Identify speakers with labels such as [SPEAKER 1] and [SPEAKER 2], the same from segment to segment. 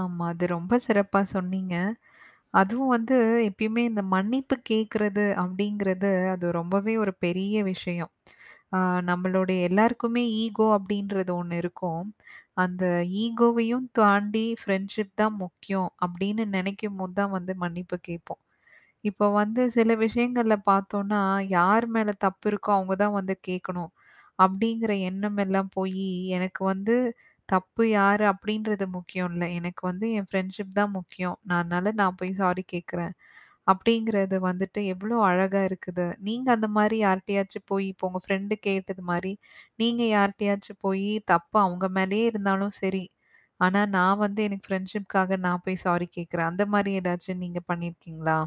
[SPEAKER 1] ஆமா. அது ரொம்ப சிறப்பா சொன்னீங்க. அதுவும் வந்து எப்பயுமே இந்த மன்னிப்பு கேட்கறது அப்டிங்கிறது, அது ரொம்பவே ஒரு பெரிய விஷயம். ஆ நம்பளுடைய எல்லாருக்குமே ஈகோ அப்டின்றது ஒண்ணு இருக்கும். அந்த ஈகோவையும் தாண்டி ஃப்ரெண்ட்ஷிப் தான் முக்கியம், அப்டின்னு நெனைக்கும்போது தான் வந்து மன்னிப்பு கேப்போம். இப்ப வந்து சில விஷயங்கள்ல பார்த்தோம்னா, யார் மேல தப்பு இருக்கோ, அவுங்க தான் வந்து கேட்கணும். அப்டிங்கிற எண்ணம் எல்லாம் போயி, எனக்கு வந்து, தப்பு யாரு அப்டின்றது முக்கியம் இல்ல. எனக்கு வந்து என் ஃப்ரெண்ட்ஷிப் தான் முக்கியம். நான் அதனால நான் போய் சாரி கேட்கறேன். அப்டிங்கிறது வந்துட்டு எவ்ளோ அழகா இருக்குது? நீங்க அந்த மாரி யார்ட்டயாச்சும் போய் இப்போ உங்க ஃப்ரெண்ட் கேட்டது மாரி, நீங்க யார்ட்டயாச்சும் போயி, தப்பு அங்க மேலேயே இருந்தாலும் சரி. ஆனா, நான் வந்து எனக்கு ஃப்ரெண்ட்ஷிப்காக நான் போய் சாரி கேட்கறேன். அந்த மாரி ஏதாச்சும் நீங்க பண்ணியிருக்கீங்களா?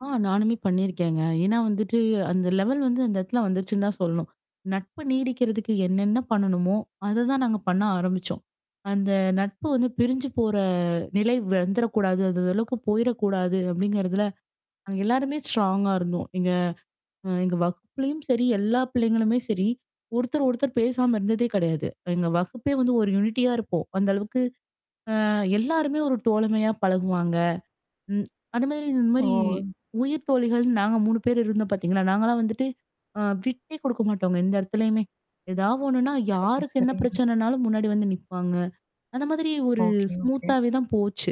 [SPEAKER 2] ஆ நானுமே பண்ணியிருக்கேங்க. ஏனா வந்துட்டு, அந்த லெவல் வந்து அந்த இடத்துல வந்துருச்சுன்னு தான் சொல்லணும். நட்பு நீடிக்கிறதுக்கு என்னென்ன பண்ணணுமோ, அததான் நாங்க பண்ண ஆரம்பிச்சோம். அந்த நட்பு வந்து பிரிஞ்சு போற நிலை வந்துரக்கூடாது. அந்த அளவுக்கு போயிறக்கூடாது அப்டிங்கறதுல, நாங்க எல்லாருமே ஸ்ட்ராங்கா இருந்தோம். எங்க அ எங்க வகுப்பலயும் சரி, எல்லா பிள்ளைங்களுமே சரி. ஒருத்தர், ஒருத்தர் பேசாம இருந்ததே கிடையாது. எங்க வகுப்பே வந்து ஒரு யூனிட்டியா இருப்போம். அந்த அளவுக்கு அ எல்லாருமே ஒரு தோழமையா பழகுவாங்க. ம். அந்த மாரி இந்த மாரி
[SPEAKER 1] ஓ!
[SPEAKER 2] உயிர் தோழிகள்னு நாங்க 3 பேர் இருந்தோம் பார்த்தீங்கன்னா, நாங்கலாம் வந்துட்டு, அ விட்டே குடுக்க மாட்டாங்க. எந்த இடத்துலயுமே. ஏதாவது ஒண்ணுன்னா,
[SPEAKER 1] சரி,
[SPEAKER 2] யாருக்கு என்ன
[SPEAKER 1] சரி.
[SPEAKER 2] பிரச்சனைனாலும் முன்னாடி வந்து நிப்பாங்க. அந்த மாதிரி ஒரு
[SPEAKER 1] ஓகே, ஓகே.
[SPEAKER 2] ஸ்மூத்தாவே தான் போச்சு.